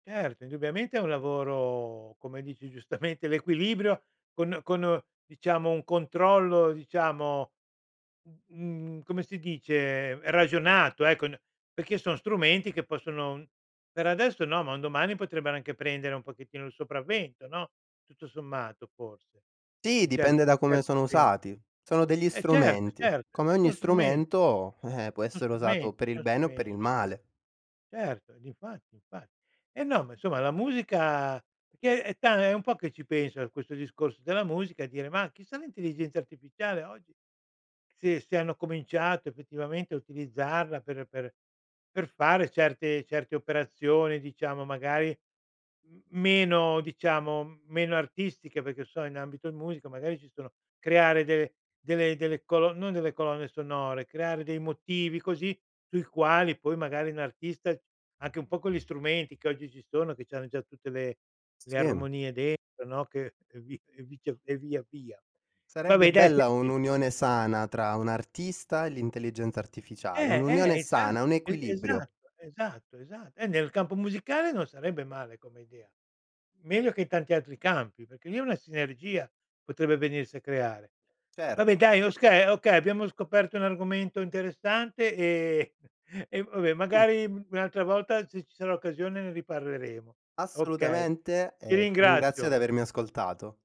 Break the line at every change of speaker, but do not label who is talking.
Certo, indubbiamente è un lavoro come dici giustamente l'equilibrio, con con uhm, diciamo, un controllo, diciamo, mhmm, mhmm, come si dice? Ragionato ecco, n perché so strumenti che possono per adesso no, ma un domani potrebbero anche prendere un pochettino il sopravvento, no, tutto sommato forse,
Sì,
in
dipende
certi
da
in
come
certi
sono
sen
usati. Sono degli
E cert
strumenti.
cert
Come
e
ogni
son strumen
strumento, eh, eh, può
so
essere
strumen
usato per il
so
bene o per
strume
il male.
Certo, uhm, difatti infa eh no, ma insomma la musica perché è ta è un po' che ci penso a questo discorso della musica e dire: "Ma chissà l'intelligenza artificiale oggi, se se hanno cominciato effettivamente a utilizzarla per per per fare certe certe operazioni, diciamo magari m meno diciamo meno artistiche: "Perché che so in ambito in musica magari ci sono creare de delle delle colo non delle colonne sonore creare dei motivi così sui quali poi magari n artista anche un po' con gli strumenti che oggi ci sono, che c'hanno già tutte le le
Sì, mhmm.
armonie dentro, no, che e vi e vice e via via
Sarebbe
vabbè, dai,
bella
senti
un'unione sana tra un artista e l'intelligenza artificiale,
Eh,
un'unione
eh, esa
sana, un
e
equilibrio.
esatto, esatto, esa eh, nel campo musicale non sarebbe male come idea. Meglio che in tanti altri campi, perché lì è una sinergia potrebbe venirsi a creare. Vabbè
Certo.
dai okay, okay, abbiamo scoperto un argomento interessante e e vabbè
Mh.
magari un'altra volta se ci sarà occasione ne riparleremo. Okay,
Assolutamente
ti
e ti ringrazio di
ringrazio.
avermi ascoltato.